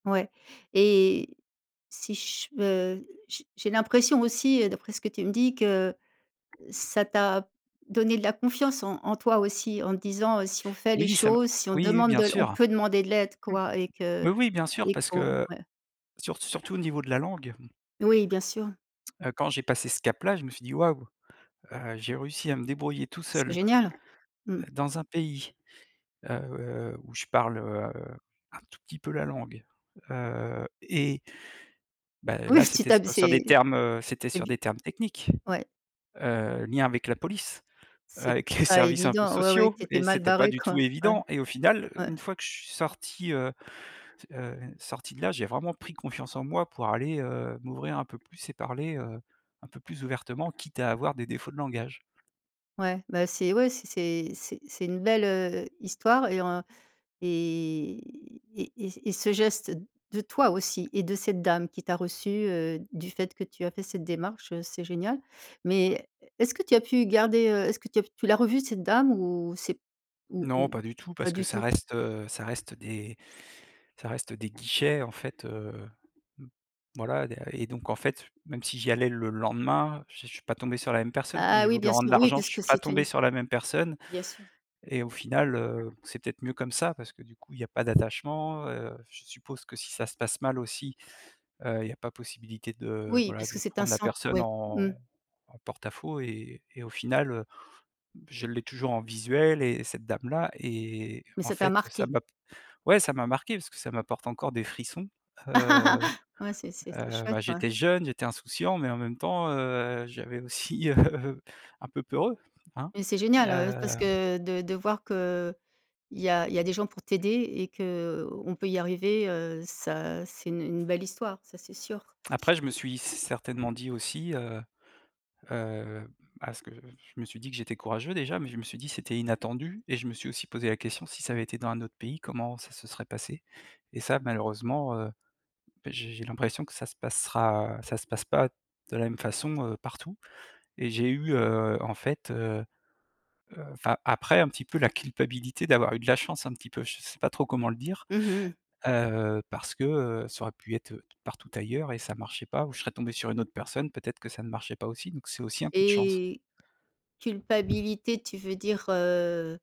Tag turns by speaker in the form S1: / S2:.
S1: Ouais et si je veux j'ai j'ai l'impression aussi, heu, d'après ce que tu me dis, que ça t'a donné de la confiance en en toi aussi, en te disant, heu: «Si on fait les
S2: Oui, ça me
S1: choses, si on
S2: oui oui,
S1: demande
S2: bien
S1: de on
S2: sûr.
S1: peut demander de l'aide, quoi et que
S2: Mais oui, bien sûr,
S1: et
S2: parce que,
S1: qu'on»,
S2: heu,
S1: ouais.
S2: sur surtout au niveau de la langue
S1: Oui, bien sûr.
S2: heu, quand j'ai passé ce cap-là, je me suis dit: «Waouh, heu, j'ai réussi à me débrouiller tout seul
S1: Génial. Mmh.
S2: dans un pays, heu, où je parle, heu, un tout petit peu la langue», heu, et ben là,
S1: Oui, tu
S2: c'était se
S1: t'hab
S2: sur des
S1: c'est
S2: termes, heu c'était
S1: c'est
S2: sur
S1: bi
S2: des termes techniques,
S1: ouais.
S2: heu, lien avec la police,
S1: C'est
S2: avec les
S1: pas
S2: services un peu
S1: évident ouais, ouais,
S2: sociaux
S1: t'étais
S2: et
S1: mal
S2: c'était pas
S1: barré
S2: du tout
S1: quoi. Ouais
S2: évident, et au final,
S1: ouais.
S2: une fois que je suis sorti, heu heu, sorti de là, j'ai vraiment pris confiance en moi pour aller, heu, m'ouvrir un peu plus et parler, heu, un peu plus ouvertement, quitte à avoir des défauts de langage.
S1: Ouais, ben c'est ouais, c'est c'est c'est c'est une belle, heu, histoire et en et et et et ce geste de toi aussi et de cette dame qui t'a reçue, heu, du fait que tu as fait cette démarche, heu, c'est génial, mais est-ce que tu as pu garder, heu est-ce que tu l'as revue, cette dame, ou c'est, ou
S2: Non, pas
S1: ou,
S2: du tout,
S1: pas
S2: parce que
S1: du
S2: ça
S1: tout?
S2: reste, heu, ça reste des ça reste des guichets, en fait, heu voilà, et da et donc, en fait, même si j'y allais le lendemain, je suis pas tombé sur la même personne. Quand
S1: Ah
S2: j'ai
S1: oui,
S2: voulu
S1: bien
S2: rendre
S1: sûr, oui,
S2: l'argent, je suis
S1: puisque
S2: pas
S1: c'est
S2: tombé
S1: une
S2: sur la même personne
S1: bien sûr.
S2: et au final, heu, c'est peut-être mieux comme ça parce que, du coup, il y a pas d'attachement, heu. Je suppose que si ça se passe mal aussi, heu, il y a pas possibilité de
S1: Oui,
S2: voilà,
S1: parce
S2: de
S1: que c'est un
S2: prendre la
S1: centre
S2: personne
S1: oui. Mmh.
S2: en en porte-à-faux et et au final, heu, je l'ai toujours en visuel, et cette dame-là et
S1: Mais
S2: en
S1: ça t'a
S2: fait, ça
S1: marqué.
S2: m'a ouais, ça m'a marqué parce que ça m'apporte encore des frissons, heu.
S1: Ouais, c'est c'est c'est
S2: Heu,
S1: chouette,
S2: bah,
S1: ouais
S2: j'étais jeune, j'étais insouciant, mais en même temps, heu, j'avais aussi, heu un peu peur,
S1: Mais c'est génial, heu, ouais, parce
S2: heu
S1: que de de voir qu' il y a il y a des gens pour t'aider et qu' on peut y arriver, heu, ça c'est une une belle histoire, ça, c'est sûr.
S2: après, je me suis certainement dit aussi, heu heu parce que je me suis dit que: «J'étais courageux déjà», mais je me suis dit: «C'était inattendu», et je me suis aussi posé la question: «Si ça avait été dans un autre pays, comment ça se serait passé»? Et ça, malheureusement, heu, beh, j'ai j'ai l'impression que ça se passera ça se passe pas de la même façon, heu, partout, et j'ai eu, heu, en fait, heu heu, enfin, après, un petit peu la culpabilité d'avoir eu de la chance, un petit peu, je sais pas trop comment le dire,
S1: Mmh mh.
S2: heu, parce que, heu, ça aurait pu être, heu, partout ailleurs et ça marchait pas, ou je serais tombé sur une autre personne, peut être que ça ne marchait pas aussi, donc c'est aussi un coup de chance.
S1: Et culpabilité, tu veux dire, heu?